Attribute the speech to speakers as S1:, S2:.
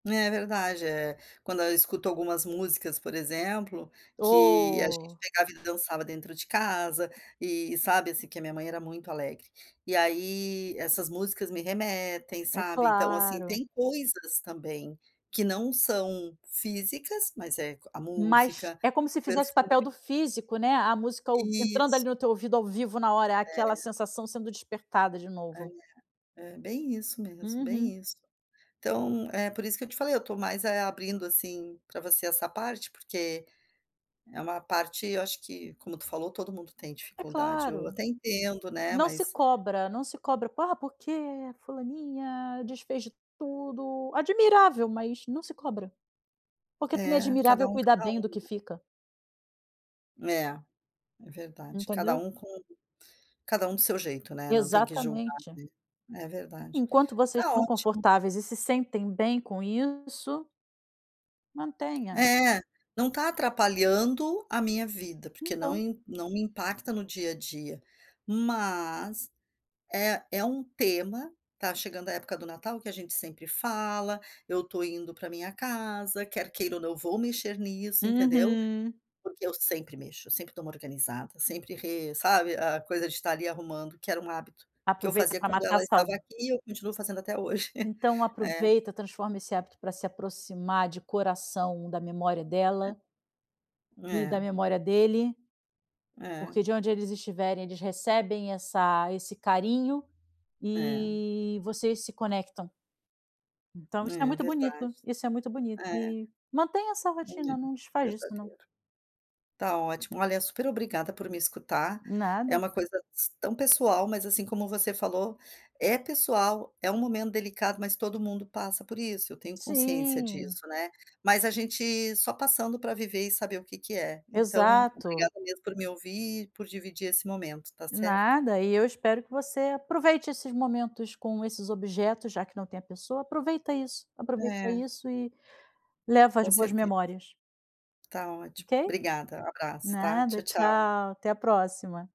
S1: É verdade, eh, quando eu escuto algumas músicas, por exemplo, que a gente
S2: Oh.
S1: pegava e dançava dentro de casa, e sabe assim que a minha mãe era muito alegre, e aí essas músicas me remetem
S2: É
S1: sabe, então, assim,
S2: claro.
S1: tem coisas também, que não são físicas, mas é a
S2: Mas
S1: música,
S2: é como
S1: o
S2: se fizesse o
S1: perfume.
S2: papel do físico, né, a música ou entrando ali
S1: Isso.
S2: no teu ouvido ao vivo na hora, aquela
S1: É.
S2: sensação sendo despertada de
S1: É.
S2: novo.
S1: É, bem isso mesmo,
S2: Uhum.
S1: bem isso. Então é por isso que eu te falei. Eu estou mais, eh, abrindo, assim, para você essa parte, porque é uma parte, eu acho que, como tu falou, todo mundo tem
S2: É
S1: dificuldade, eu
S2: claro.
S1: até entendo, né,
S2: Não se
S1: mas
S2: cobra, não se cobra, ah, porque fulaninha desfez de tudo, admirável, mas não se cobra, porque também é
S1: É,
S2: admirável
S1: cada um
S2: cuidar
S1: cada
S2: bem do
S1: um,
S2: que
S1: né.
S2: fica.
S1: É, é verdade, cada
S2: Entendeu?
S1: um com cada um do seu jeito, né, não tem que julgar,
S2: Exatamente.
S1: né. É verdade.
S2: Enquanto vocês
S1: Está
S2: estão
S1: ótimo.
S2: confortáveis e se sentem bem com isso mantenha.
S1: É, não está atrapalhando a minha vida porque não
S2: Então.
S1: im não me impacta no dia a dia, mas, é é um tema, tá chegando a época do Natal que a gente sempre fala, eu estou indo para minha casa, quer queira ou não vou mexer nisso entendeu?
S2: Uhum.
S1: Porque eu sempre mexo, sempre dou uma organizada, sempre re sabe, a coisa de estar ali arrumando que era um hábito, que eu
S2: Aproveita
S1: fazia
S2: para
S1: quando
S2: matar
S1: ela estava
S2: sauda
S1: aqui e eu continuo fazendo até hoje.
S2: Então
S1: É.
S2: aproveita, transforma esse hábito para se aproximar de coração da memória dela
S1: É.
S2: e da
S1: É.
S2: memória dele,
S1: É.
S2: porque de onde eles estiverem, eles recebem essa esse carinho
S1: É.
S2: e vocês se conectam. Então isso é
S1: É
S2: muito
S1: verdade,
S2: bonito, isso é muito bonito
S1: é.
S2: e, mantenha essa
S1: Olha
S2: rotina,
S1: aí,
S2: não desfaz disso não.
S1: verdadeiro. Está ótimo, olha, super obrigada por me escutar, é
S2: Nada.
S1: uma coisa s tão pessoal, mas assim como você falou, é pessoal, é um momento delicado mas todo mundo passa por isso, eu tenho consciência
S2: Sim.
S1: disso, né, mas a gente só passando para viver e saber o que que é. Então,
S2: Exato.
S1: obrigada mesmo por me ouvir, por dividir esse momento, tá certo?
S2: Nada e eu espero que você aproveite esses momentos com esses objetos, já que não tem a pessoa, aproveita isso, aproveita
S1: É.
S2: isso e leva as
S1: Com
S2: boas
S1: certeza.
S2: memórias.
S1: Tá ótimo,
S2: Ok?
S1: obrigada, um abraço, tá?
S2: Nada,
S1: Tchau, tchau.
S2: tchau, até a próxima.